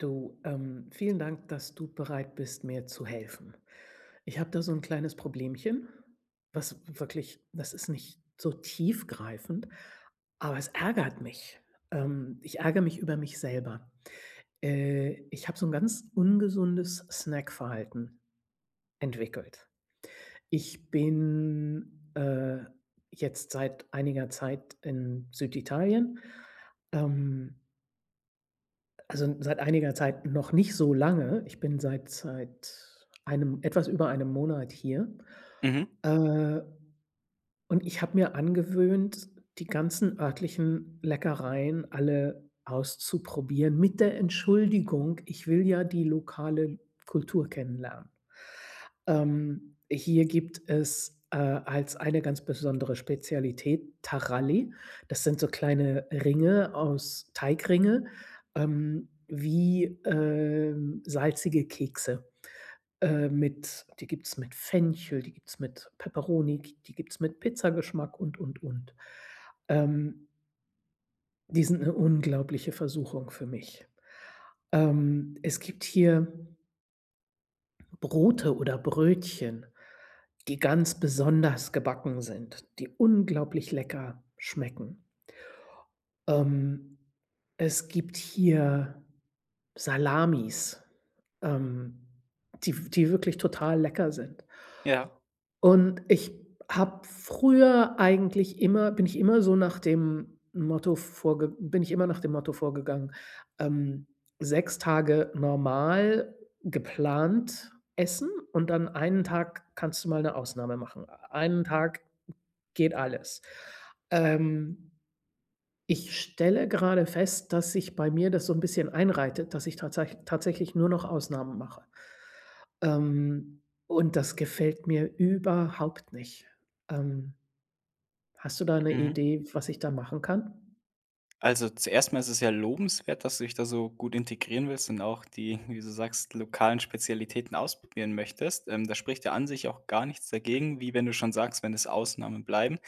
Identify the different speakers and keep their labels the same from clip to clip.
Speaker 1: Du, ähm. Vielen Dank, dass du bereit bist, mir zu helfen. Ich habe da so 'n kleines Problemchen. Was w wirklich das ist nicht so tiefgreifend, aber es ärgert mich. Ähm, ich ärgere mich über mich selber. Äh, ich habe so 'n ganz ungesundes Snack-Verhalten entwickelt. Ich bin, äh, jetzt seit einiger Zeit in Süditalien, ähm also, n seit einiger Zeit, noch nicht so lange. Ich bin seit seit 1 etwas über 1 Monat hier.
Speaker 2: Mhm.
Speaker 1: Äh und ich habe mir angewöhnt, die ganzen örtlichen Leckereien alle auszuprobieren mit der Entschuldigung: Ich will ja die lokale Kultur kennenlernen. Ähm, hier gibt es, äh als eine ganz besondere Spezialität, Taralli. Das sind so kleine Ringe aus Teigringe ähm, wie, ähm, salzige Kekse. Äh, mit die gibt es mit Fenchel, die gibt es mit Peperoni, g die gibt es mit Pizzageschmack und, und, und. Ähm Die sind 'ne unglaubliche Versuchung für mich. Ähm, es gibt hier Brote oder Brötchen, die ganz besonders gebacken sind, die unglaublich lecker schmecken. Ähm, es gibt hier Salamis, ähm, die w die wirklich total lecker sind.
Speaker 2: Ja.
Speaker 1: Und ich habe früher eigentlich immer bin ich immer so nach dem Motto vorge bin ich immer nach dem Motto vorgegangen, ähm, 6 Tage normal, geplant essen und dann 1 Tag kannst du mal 'ne Ausnahme machen. 1 Tag geht alles. Ähm. Ich stelle gerade fest, dass sich bei mir das so 'n bisschen einreitet, dass ich tatsä tatsächlich nur noch Ausnahmen mache, ähm, und das gefällt mir überhaupt nicht. Ähm hast du da 'ne
Speaker 2: Mhm.
Speaker 1: Idee, was ich da machen kann?
Speaker 2: Also, zuerst mal ist es sehr lobenswert, dass du dich da so gut integrieren willst und auch die- wie du sagst- lokalen Spezialitäten ausprobieren möchtest. Ähm, da spricht ja an sich auch gar nichts dagegen, wie wenn du schon sagst, wenn es Ausnahmen bleiben.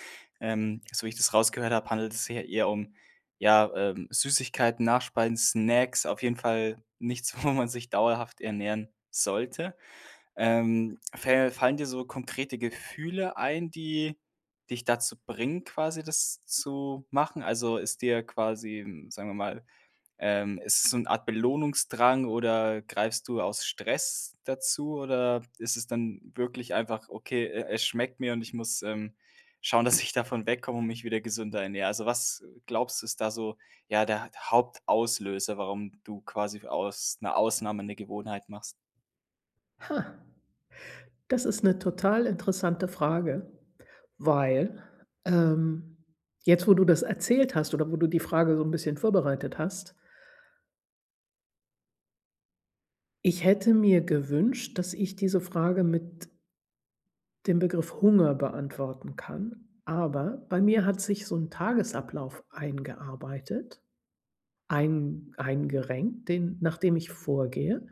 Speaker 2: Ähm, so wie ich das rausgehört habe, handelt es sich ja eher um, ja, ähm, Süßigkeiten, Nachspeisen, Snacks, auf jeden Fall nichts, wo man sich dauerhaft ernähren sollte. Ähm, fä fallen dir so konkrete Gefühle ein, die dich dazu bringen, quasi das zu machen? Also, ist dir quasi, hm, sagen wir mal, ähm ist es so 'n Art Belohnungsdrang oder greifst du aus Stress dazu oder ist es dann wirklich einfach: „Okay, e es schmeckt mir und ich muss, ähm, schauen, dass ich davon wegkomme und mich wieder gesünder ernähren.“ Also, was glaubst du, ist da so, ja, der der Hauptauslöser, warum du quasi w aus 'ner Ausnahme 'ne Gewohnheit machst?
Speaker 1: Ha. Das ist 'ne total interessante Frage, weil, ähm, jetzt, wo du das erzählt hast, oder wo du die Frage so 'n bisschen vorbereitet hast Ich hätte mir gewünscht, dass ich diese Frage mit dem Begriff Hunger beantworten kann. Aber bei mir hat sich so 'n Tagesablauf eingearbeitet, ein eingerenkt, den nachdem ich vorgehe.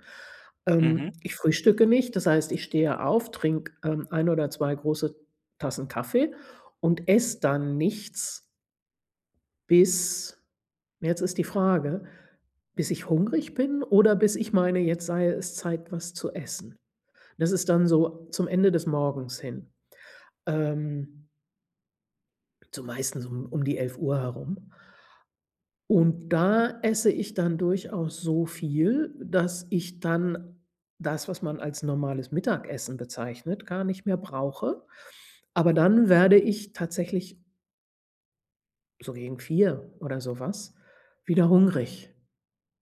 Speaker 2: Mhm.
Speaker 1: Ähm, ich frühstücke nicht, das heißt, ich stehe auf, trinke, ähm, 1 oder 2 große Tassen Kaffee und esse dann nichts bis jetzt ist die Frage, bis ich hungrig bin oder bis ich meine, jetzt sei es Zeit, was zu essen. Das ist dann so zum Ende des Morgens hin. Ähm so meistens um um die 11:00 herum. Und da esse ich dann durchaus so viel, dass ich dann das, was man als normales Mittagessen bezeichnet, gar nicht mehr brauche. Aber dann werde ich tatsächlich so gegen 4 oder sowas, wieder hungrig.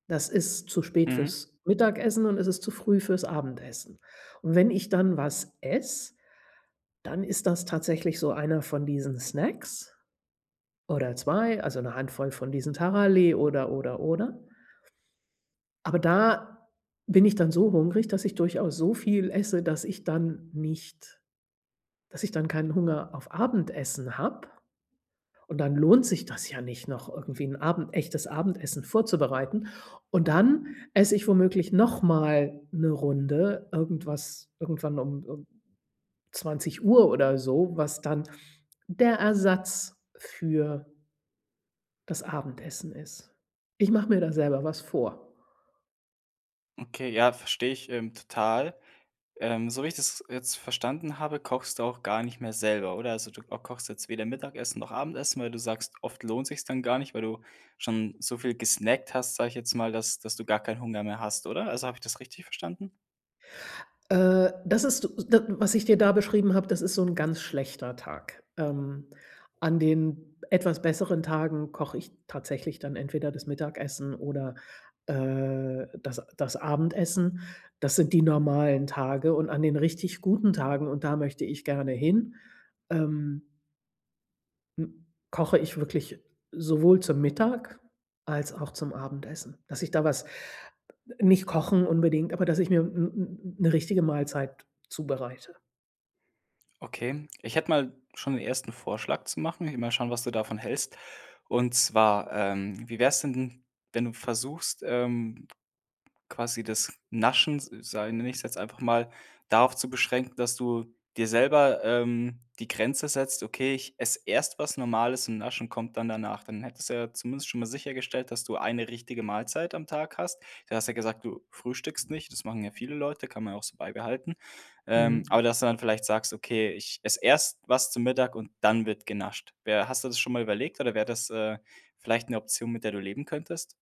Speaker 1: Das ist zu spät
Speaker 2: Mhm.
Speaker 1: fürs Mittagessen und es ist zu früh fürs Abendessen. Und wenn ich dann was esse, dann ist das tatsächlich so einer von diesen Snacks, oder 2, also, 'ne Handvoll von diesen Taralli oder, oder, oder. Aber da bin ich dann so hungrig, dass ich durchaus so viel esse, dass ich dann nicht dass ich dann keinen Hunger auf Abendessen habe und dann lohnt sich das ja nicht, noch irgendwie 'n Abend echtes Abendessen vorzubereiten. Und dann esse ich womöglich noch mal 'ne Runde irgendwas irgendwann um um 20:00 oder so, was dann der Ersatz für das Abendessen ist. Ich mache mir da selber was vor.
Speaker 2: Okay, ja, verstehe ich, ähm, total. Ähm, so wie ich das jetzt verstanden habe, kochst du auch gar nicht mehr selber, oder? Also, du ko kochst jetzt weder Mittagessen noch Abendessen, weil du sagst, oft lohnt sich's dann gar nicht, weil du schon so viel gesnackt hast, sage ich jetzt mal, dass dass du gar keinen Hunger mehr hast, oder? Also, habe ich das richtig verstanden?
Speaker 1: Äh, das ist, s da was ich dir da beschrieben habe, das ist so ‘n ganz schlechter Tag. Ähm, an den etwas besseren Tagen koche ich tatsächlich dann entweder das Mittagessen oder, äh, das das Abendessen. Das sind die normalen Tage und an den richtig guten Tagen und da möchte ich gerne hin, ähm m koche ich wirklich sowohl zum Mittag als auch zum Abendessen, dass ich da was nicht kochen unbedingt, aber dass ich mir 'n 'n 'ne richtige Mahlzeit zubereite.
Speaker 2: Okay. Ich hätte mal schon den 1. Vorschlag zu machen. Will mal schauen, was du davon hältst. Und zwar, ähm, wie wäre es denn, wenn du versuchst, ähm, quasi das Naschen, sa sag nenne ich jetzt einfach mal, darauf zu beschränken, dass du dir selber, ähm, die Grenze setzt: „Okay, ich esse erst was Normales und Naschen kommt dann danach“. Dann hättest du ja zumindest schon mal sichergestellt, dass du eine richtige Mahlzeit am Tag hast. Du hast ja gesagt, du frühstückst nicht, das machen ja viele Leute, kann man ja auch so beibehalten, ähm,
Speaker 1: Mhm.
Speaker 2: aber dass du dann vielleicht sagst: „Okay, ich esse erst was zum Mittag und dann wird genascht.“ Wär hast du das schon mal überlegt, oder wäre das, äh, vielleicht 'ne Option, mit der du leben könntest?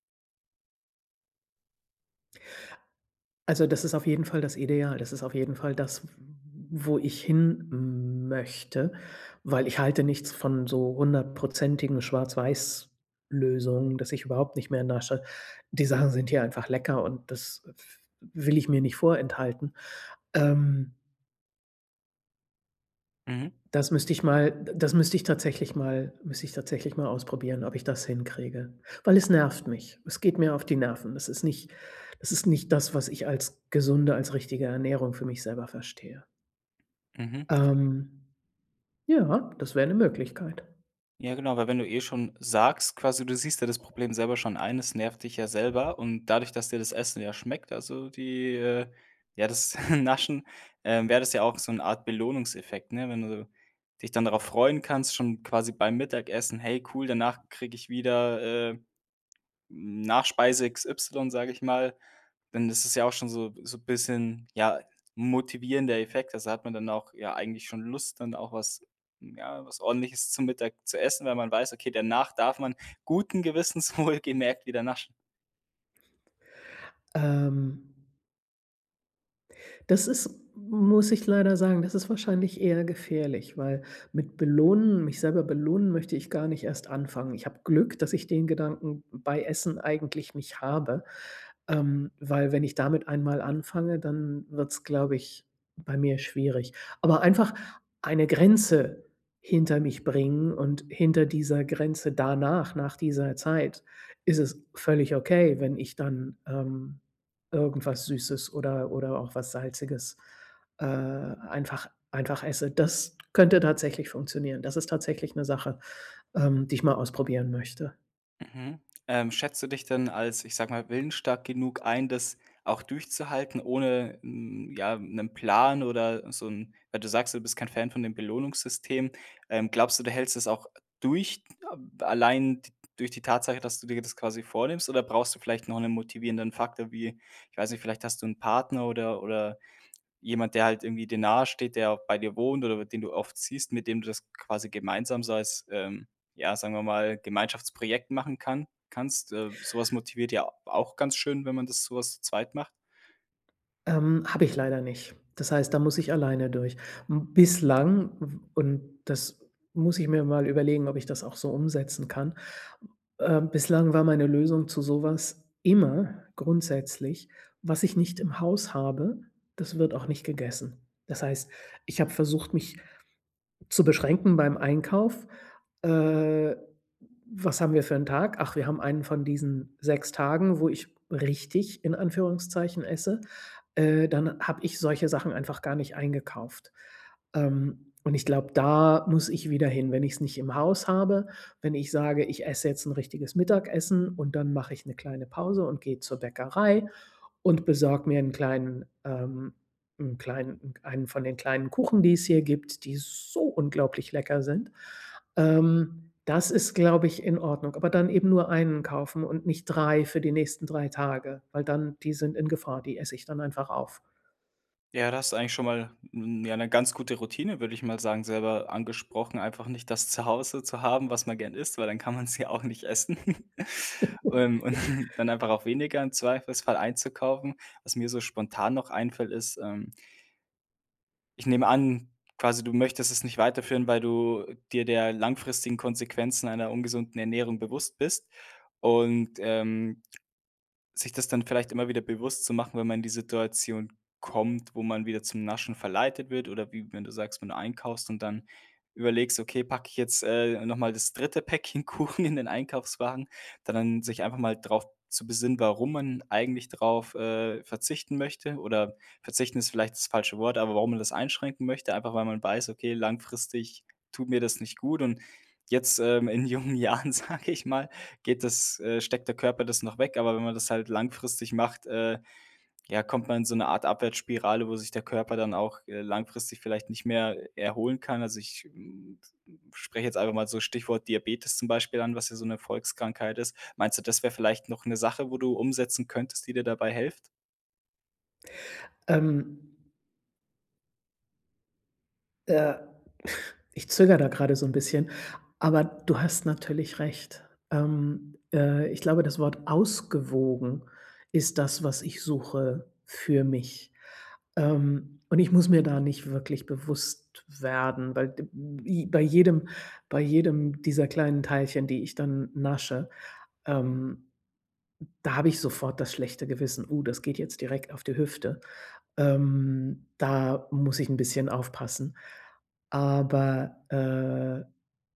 Speaker 1: Also, das ist auf jeden Fall das Ideal. Das ist auf jeden Fall das, w w wo ich hin möchte, weil ich halte nichts von so hundertprozentigen Schwarz-Weiß-Lösungen, dass ich überhaupt nicht mehr in der Stadt die Sachen sind hier einfach lecker. Und das w w will ich mir nicht vorenthalten, ähm
Speaker 2: Mhm.
Speaker 1: das müsste ich mal d das müsste ich tatsächlich mal müsste ich tatsächlich mal ausprobieren, ob ich das hinkriege, weil es nervt mich. Es geht mir auf die Nerven. Das ist nicht das ist nicht das, was ich als gesunde, als richtige Ernährung für mich selber verstehe.
Speaker 2: Mhm.
Speaker 1: Ähm, ja, das wäre 'ne Möglichkeit.
Speaker 2: Ja, genau, weil wenn du eh schon sagst, quasi, du siehst ja das Problem selber schon ein. Das nervt dich ja selber. Und dadurch, dass dir das Essen ja schmeckt. Also, die, äh ja, das Naschen, ähm, wäre das ja auch so 'n Art Belohnungseffekt, ne? Wenn du dich dann darauf freuen kannst, schon quasi beim Mittagessen: „Hey, cool, danach kriege ich wieder, äh, Nachspeise XY,“ sage ich mal, denn das ist ja auch schon so so bisschen, ja, 'n motivierender Effekt, also, da hat man dann auch ja eigentlich schon Lust, dann auch was ja, was Ordentliches zu Mittag zu essen, weil man weiß, okay, danach darf man guten Gewissens wohl gemerkt wieder naschen.
Speaker 1: Ähm. Das ist muss ich leider sagen, das ist wahrscheinlich eher gefährlich, weil mit belohnen mich selber belohnen möchte ich gar nicht erst anfangen. Ich habe Glück, dass ich den Gedanken bei Essen eigentlich nicht habe, ähm, weil, wenn ich damit einmal anfange, dann wird es, glaube ich, bei mir schwierig. Aber einfach eine Grenze hinter mich bringen und hinter dieser Grenze danach nach dieser Zeit ist es völlig okay, wenn ich dann, ähm, irgendwas Süßes oder oder auch was Salziges, äh, einfach einfach esse. Das könnte tatsächlich funktionieren. Das ist tatsächlich 'ne Sache, ähm, die ich mal ausprobieren möchte.
Speaker 2: Mhm. Ähm, schätzt du dich dann als, ich sage mal, willensstark genug ein, das auch durchzuhalten, ohne 'n ja 'nen Plan oder so 'n weil du sagst, du bist kein Fan von dem Belohnungssystem. Ähm, glaubst du, du hältst es auch durch, ähm, allein t durch die Tatsache, dass du dir das quasi vornimmst? Oder brauchst du vielleicht noch 'nen motivierenden Faktor wie ich weiß nicht, vielleicht hast du 'nen Partner oder oder jemand, der halt irgendwie dir nahe steht, der bei dir wohnt oder den du oft siehst, mit dem du das quasi gemeinsam so als, ähm, ja, sagen wir mal, Gemeinschaftsprojekt machen kann kannst? Äh, sowas motiviert ja a auch ganz schön, wenn man das sowas zu zweit macht.
Speaker 1: Ähm, habe ich leider nicht. Das heißt, da muss ich alleine durch. M bislang w und das muss ich mir mal überlegen, ob ich das auch so umsetzen kann. Ähm, bislang war meine Lösung zu sowas, immer grundsätzlich, was ich nicht im Haus habe, das wird auch nicht gegessen. Das heißt, ich habe versucht, mich zu beschränken beim Einkauf. Äh, was haben wir für 'n Tag? Ach, wir haben einen von diesen 6 Tagen, wo ich richtig, in Anführungszeichen, esse. Äh, dann habe ich solche Sachen einfach gar nicht eingekauft. Ähm, und ich glaube, da muss ich wieder hin, wenn ich es nicht im Haus habe, wenn ich sage: „Ich esse jetzt 'n richtiges Mittagessen“ und dann mache ich 'ne kleine Pause und gehe zur Bäckerei und besorge mir 'n kleinen, ähm 'n kleinen 1 von den kleinen Kuchen, die es hier gibt, die so unglaublich lecker sind. Ähm, das ist, glaube ich, in Ordnung. Aber dann eben nur 1 kaufen und nicht 3 für die nächsten 3 Tage, weil dann die sind in Gefahr. Die esse ich dann einfach auf.
Speaker 2: Ja, da hast du eigentlich schon mal 'n ja, 'ne ganz gute Routine, würde ich mal sagen, selber angesprochen. Einfach nicht das Zuhause zu haben, was man gern isst, weil dann kann man's ja auch nicht essen. Und und dann einfach auch weniger im Zweifelsfall einzukaufen. Was mir so spontan noch einfällt, ist, ähm ich nehme an, quasi du möchtest es nicht weiterführen, weil du dir der langfristigen Konsequenzen einer ungesunden Ernährung bewusst bist. Und, ähm, sich das dann vielleicht immer wieder bewusst zu machen, wenn man in die Situation kommt, wo man wieder zum Naschen verleitet wird, oder wie wenn du sagst, wenn du einkaufst und dann überlegst: „Okay, packe ich jetzt, äh, nochmal das 3. Päckchen Kuchen in den Einkaufswagen.” Da dann sich einfach mal drauf zu besinnen, warum man eigentlich drauf, äh, verzichten möchte oder verzichten ist vielleicht das falsche Wort, aber warum man das einschränken möchte. Einfach, weil man weiß: „Okay, langfristig tut mir das nicht gut.” Und jetzt, ähm, in jungen Jahren, sage ich mal, geht das äh, steckt der Körper das noch weg. Aber wenn man das halt langfristig macht, äh, ja, kommt man in so 'ne Art Abwärtsspirale, wo sich der Körper dann auch, äh, langfristig vielleicht nicht mehr erholen kann. Also ich, hm, hm, spreche jetzt einfach mal so Stichwort Diabetes zum Beispiel an, was ja so 'ne Volkskrankheit ist. Meinst du, das wäre vielleicht noch 'ne Sache, wo du umsetzen könntest, die dir dabei hilft?
Speaker 1: Ähm. Äh, ich zögere da gerade so 'n bisschen. Aber du hast natürlich recht. Ähm, äh, ich glaube, das Wort ausgewogen ist das, was ich suche für mich. Ähm, und ich muss mir da nicht wirklich bewusst werden, weil d bi bei jedem bei jedem dieser kleinen Teilchen, die ich dann nasche, ähm, da habe ich sofort das schlechte Gewissen: „Oh, das geht jetzt direkt auf die Hüfte.” Ähm, da muss ich 'n bisschen aufpassen. Aber, äh,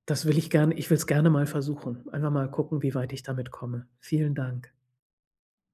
Speaker 1: das will ich gerne ich will es gerne mal versuchen. Einfach mal gucken, wie weit ich damit komme. Vielen Dank.